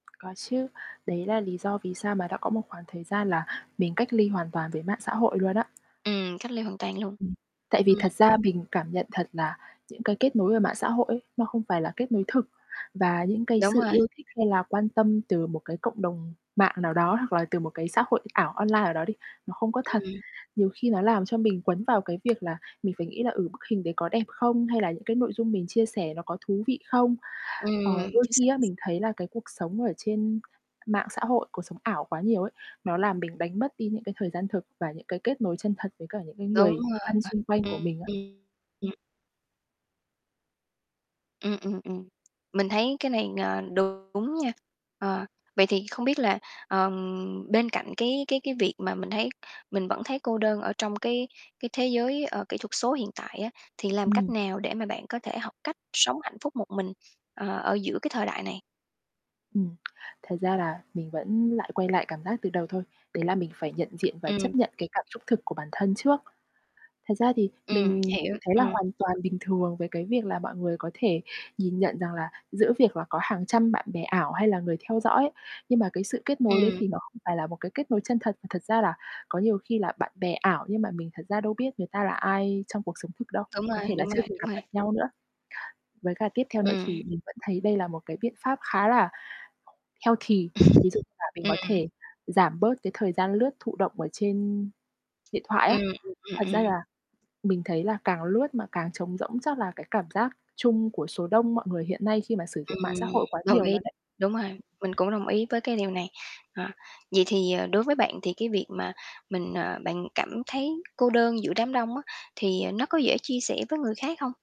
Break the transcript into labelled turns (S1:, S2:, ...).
S1: Có chứ, đấy là lý do vì sao mà đã có một khoảng thời gian là mình cách ly hoàn toàn với mạng xã hội luôn á.
S2: Ừm, cách ly hoàn toàn luôn.
S1: Ừm. Tại vì
S2: Ừm.
S1: thật ra mình cảm nhận thật là những cái kết nối ở mạng xã hội ấy, nó không phải là kết nối thực. Và những cái
S2: Đúng
S1: sự
S2: rồi.
S1: yêu thích hay là quan tâm từ một cái cộng đồng mạng nào đó hoặc là từ một cái xã hội ảo online nào đó đi, nó không có thật.
S2: Ừm.
S1: Nhiều khi nó làm cho mình quấn vào cái việc là mình phải nghĩ là, ừ, bức hình đấy có đẹp không, hay là những cái nội dung mình chia sẻ nó có thú vị không. Ờ,
S2: Ừm.
S1: đôi
S2: Chính x
S1: khi á mình thấy là cái cuộc sống ở trên mạng xã hội, cuộc sống ảo quá nhiều ấy, nó làm mình đánh mất đi những cái thời gian thực và những cái kết nối chân thật với cả những cái
S2: Đúng
S1: người
S2: rồi.
S1: thân xung quanh của
S2: Ừm,
S1: mình á.
S2: ừm, ừm. Ừm, ừm, ừm, mình thấy cái này, ờ, đúng nha. Ờ, vậy thì không biết là, ờm, bên cạnh cái cái cái việc mà mình thấy mình vẫn thấy cô đơn ở trong cái cái thế giới, ơ, kỹ thuật số hiện tại á thì làm cách
S1: Ừm.
S2: nào để mà bạn có thể học cách sống hạnh phúc một mình, ờ, ở giữa cái thời đại này?
S1: Ừm. Thật ra là mình vẫn lại quay lại cảm giác từ đầu thôi. Đấy là mình phải nhận diện và chấp
S2: Ừm.
S1: nhận cái cảm xúc thực của bản thân trước. Thật ra thì
S2: Ừm,
S1: mình
S2: hiểu,
S1: thì thấy là
S2: ừm.
S1: hoàn toàn bình thường với cái việc là mọi người có thể nhìn nhận rằng là giữa việc là có hàng trăm bạn bè ảo hay là người theo dõi, nhưng mà cái sự kết nối đấy
S2: Ừm.
S1: thì nó không phải là một cái kết nối chân thật, mà thật ra là có nhiều khi là bạn bè ảo nhưng mà mình thật ra đâu biết người ta là ai trong cuộc sống thực đâu.
S2: Đúng
S1: Có
S2: rồi,
S1: thể là
S2: đúng
S1: chưa
S2: rồi,
S1: từng
S2: đúng
S1: gặp
S2: rồi.
S1: mặt nhau nữa. Với cả tiếp theo nữa
S2: Ừm.
S1: thì mình vẫn thấy đây là một cái biện pháp khá là healthy, ví dụ như là mình có
S2: Ừm.
S1: thể giảm bớt cái thời gian lướt thụ động ở trên điện thoại á.
S2: Ừm, ừm, ừm,
S1: Thật ra
S2: ừm.
S1: là mình thấy là càng lướt mà càng trống rỗng chắc là cái cảm giác chung của số đông mọi người hiện nay khi mà sử dụng mạng xã
S2: Ừm,
S1: hội quá
S2: đồng
S1: nhiều
S2: ý,
S1: luôn ấy.
S2: đúng rồi. Mình cũng đồng ý với cái điều này. Ờ, vậy thì, ờ, đối với bạn thì cái việc mà mình, ờ bạn cảm thấy cô đơn giữa đám đông á, thì, à, nó có dễ chia sẻ với người khác hông?